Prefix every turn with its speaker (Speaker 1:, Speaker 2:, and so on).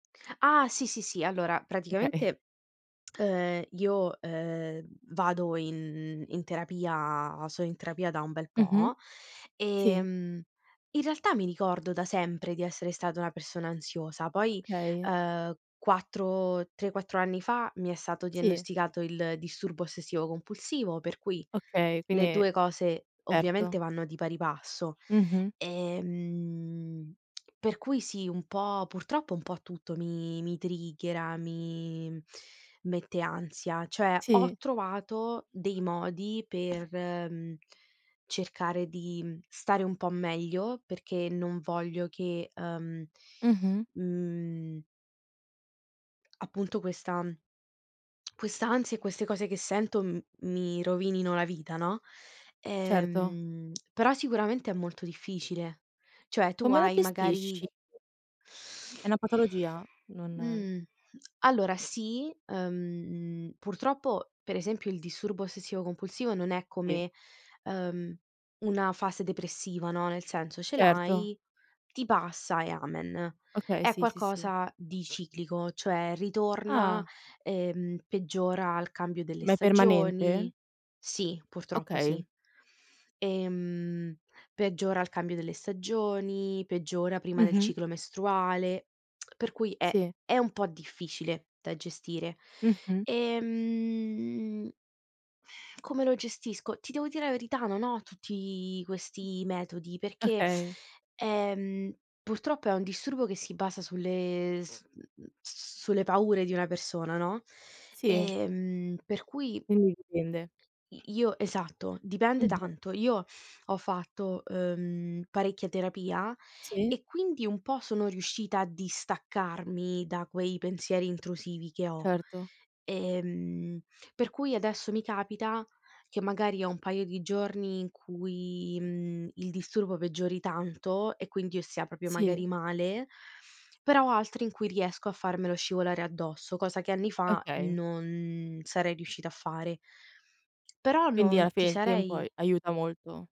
Speaker 1: Ah! Sì, sì, sì, allora
Speaker 2: Okay.
Speaker 1: praticamente, ehm, io, ehm, vado in in terapia, sono in terapia da un bel
Speaker 2: Mh-mh.
Speaker 1: po'
Speaker 2: Sì.
Speaker 1: ehm, in realtà mi ricordo da sempre di essere stata una persona ansiosa, poi,
Speaker 2: Okay.
Speaker 1: ehm, 4 3, 4 anni fa mi è stato
Speaker 2: Sì.
Speaker 1: diagnosticato il disturbo ossessivo compulsivo, per cui
Speaker 2: Okay,
Speaker 1: le
Speaker 2: quindi
Speaker 1: 2 cose ovviamente
Speaker 2: certo.
Speaker 1: vanno di pari passo.
Speaker 2: Mh-mh.
Speaker 1: Ehm, per cui sì, un po' purtroppo un po' tutto mi mi triggera, mi mette ansia. Cioè ho
Speaker 2: Sì.
Speaker 1: trovato dei modi per, mhmm, cercare di stare un po' meglio perché non voglio che, ehm,
Speaker 2: Mh-mh.
Speaker 1: mhmm Appunto questa quest'ansia e queste cose che sento m mi rovinino la vita, no.
Speaker 2: Certo.
Speaker 1: Ehm, però sicuramente è molto difficile. Cioè tu
Speaker 2: Come la
Speaker 1: hai
Speaker 2: gestisci?
Speaker 1: magari
Speaker 2: È una patologia? Non
Speaker 1: mh. Allora sì, ehm, purtroppo per esempio il disturbo ossessivo compulsivo non è
Speaker 2: Sì.
Speaker 1: come, ehm, una fase depressiva, no. Nel senso ce
Speaker 2: Certo.
Speaker 1: l'hai, ti passa e amen.
Speaker 2: Okay,
Speaker 1: È
Speaker 2: sì, sì, sì.
Speaker 1: qualcosa di ciclico, cioè ritorna,
Speaker 2: Ah!
Speaker 1: ehm, peggiora al cambio delle
Speaker 2: Ma è permanente?
Speaker 1: stagioni. Sì, purtroppo sì.
Speaker 2: Okay.
Speaker 1: Ehm, peggiora al cambio delle stagioni, peggiora prima del
Speaker 2: Mh-mh.
Speaker 1: ciclo mestruale, per cui è
Speaker 2: Sì.
Speaker 1: è un po' difficile da gestire.
Speaker 2: Mh-mh.
Speaker 1: Ehm Come lo gestisco? Ti devo dire la verità, non ho tutti questi metodi, perché,
Speaker 2: Okay.
Speaker 1: ehm, purtroppo è un disturbo che si basa sulle s m m sulle paure di una persona, no.
Speaker 2: Sì.
Speaker 1: Ehm, per cui i
Speaker 2: Quindi dipende.
Speaker 1: io esatto. Dipende
Speaker 2: Mh-mh.
Speaker 1: tanto. Io ho fatto, ehm, parecchia terapia
Speaker 2: Sì.
Speaker 1: e quindi un po' sono riuscita a distaccarmi da quei pensieri intrusivi che ho,
Speaker 2: Certo.
Speaker 1: ehm, per cui adesso mi capita che magari ho un paio di giorni in cui, ehm, il disturbo peggiori tanto e quindi io stia proprio magari
Speaker 2: Sì.
Speaker 1: male, però ho altri in cui riesco a farmelo scivolare addosso, cosa che anni fa
Speaker 2: Okay.
Speaker 1: non sarei riuscita a fare. Però
Speaker 2: Quindi alla
Speaker 1: non ti
Speaker 2: fine il tempo
Speaker 1: sarei
Speaker 2: ai aiuta molto.